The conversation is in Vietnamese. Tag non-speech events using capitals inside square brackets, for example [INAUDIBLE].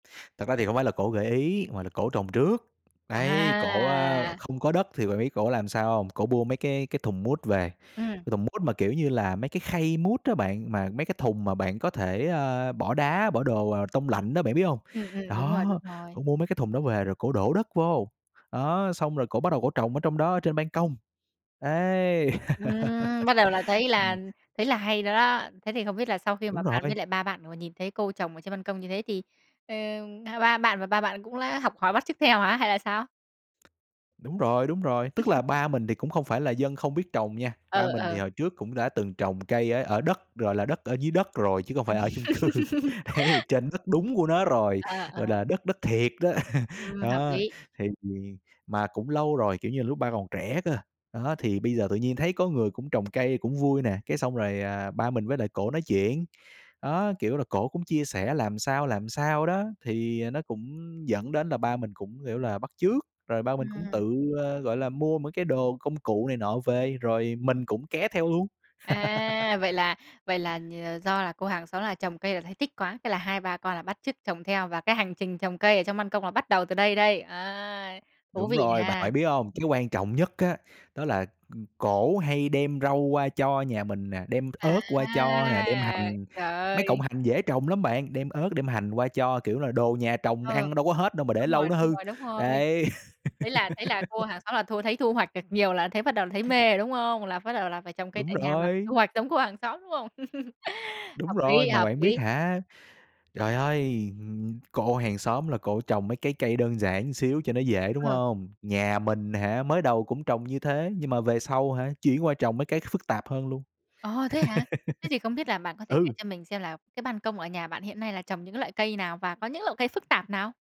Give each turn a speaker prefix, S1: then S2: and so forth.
S1: Thật ra thì hổng phải là cổ gợi ý mà là cổ trồng trước. Đấy, cổ, a,
S2: À.
S1: không có đất thì bạn biết cổ làm sao hông? Cổ bua mấy cái cái thùng mút về,
S2: Ừm.
S1: cái thùng mút mà, kiểu như là, mấy cái khay mút á bạn, mà mấy cái thùng mà bạn có thể, a, bỏ đá, bỏ đồ, ờ, tông lạnh á bạn biết hông?
S2: Ừm, ừm, đúng rồi, đúng
S1: Đó,
S2: rồi.
S1: cổ mua mấy cái thùng đó về rồi cổ đổ đất vô, đó, xong rồi cổ bắt đầu cổ trồng ở trong đó ở trên ban công, ấy.
S2: Ừm, bắt đầu là
S1: [LAUGHS]
S2: thấy
S1: Ừm.
S2: là thấy là hay rồi đó. Thế thì không biết là sau khi mà
S1: Đúng
S2: bạn với
S1: rồi.
S2: lại ba bạn vừa nhìn thấy cô trồng ở trên băn công như thế thì, ờm, ba ba bạn và ba bạn cũng đã học hỏi bắt chước theo hả, hay là sao?
S1: Đúng rồi, đúng rồi, tức là
S2: [CHUCKLES]
S1: ba mình thì cũng không phải là dân không biết trồng nha, ba
S2: Ờ,
S1: mình thì
S2: ờ.
S1: hồi trước cũng đã từng trồng cây ở ở đất, gọi là, đất ở dưới đất rồi chứ không phải ở chung cư,
S2: Ừm.
S1: ấy, trên rất đúng của nó rồi,
S2: Ờ,
S1: gọi
S2: ờ.
S1: là, đất đất thiệt đó. [CHUCKLES]
S2: Ừm, hợp
S1: Đó
S2: lý.
S1: thì mà cũng lâu rồi, kiểu như là, lúc ba còn trẻ cơ, đó, thì bây giờ tự nhiên thấy có người cũng trồng cây cũng vui nè, cái xong rồi, à, ba mình với lại cổ nói chuyện. Đó, kiểu là, cổ cũng chia sẻ làm sao, làm sao đó thì, ờ, nó cũng dẫn đến là ba mình cũng, kiểu là, bắt chước, rồi ba mình cũng
S2: Ừm.
S1: tự, à, gọi là, mua mấy cái đồ công cụ này nọ về rồi mình cũng ké theo luôn.
S2: À, vậy
S1: [LAUGHS]
S2: là vậy là nhờ do là cô hàng xóm là trồng cây là thấy thích quá, thế là hai ba con là bắt chước trồng theo và cái hành trình trồng cây ở trong ban công là bắt đầu từ đây đây, à, thú
S1: Đúng
S2: vị
S1: rồi, bạn
S2: nha!
S1: phải biết không, cái quan trọng nhất á đó là ừm, cổ hay đem rau qua cho nhà mình nè, đem
S2: À!
S1: ớt qua cho nè, đem hành
S2: Trời
S1: mấy cọng
S2: ơi!
S1: hành dễ trồng lắm bạn, đem ớt đem hành qua cho, kiểu là, đồ nhà trồng
S2: Ừ,
S1: ăn đâu có hết đâu mà để
S2: đúng
S1: lâu
S2: rồi,
S1: nó
S2: đúng
S1: hư,
S2: rồi, đúng rồi.
S1: đấy.
S2: Thế là thế là cô
S1: [LAUGHS]
S2: hàng xóm là thu thấy thu hoạch được nhiều là thấy bắt đầu là thấy mê rồi, đúng không? Là bắt đầu là phải trồng cây
S1: Đúng
S2: tại nhà và phải
S1: rồi.
S2: thu hoạch giống cô hàng xóm, đúng không? [CHUCKLES]
S1: Đúng
S2: Hợp
S1: rồi,
S2: lý,
S1: mà
S2: hợp
S1: bạn biết
S2: lý.
S1: hả trời ơi! Ừm, cô hàng xóm là cổ trồng mấy cái cây đơn giản một xíu cho nó dễ, đúng
S2: Ừ.
S1: không? Nhà mình hả mới đầu cũng trồng như thế nhưng mà về sau hả, chuyển qua trồng mấy cái phức tạp hơn luôn.
S2: Ồ, thế hả? Thế thì không biết là bạn có
S1: [LAUGHS]
S2: thể kể
S1: Ừ.
S2: cho mình xem là cái ban công ở nhà bạn hiện nay là trồng những cái loại cây nào và có những loại cây phức tạp nào?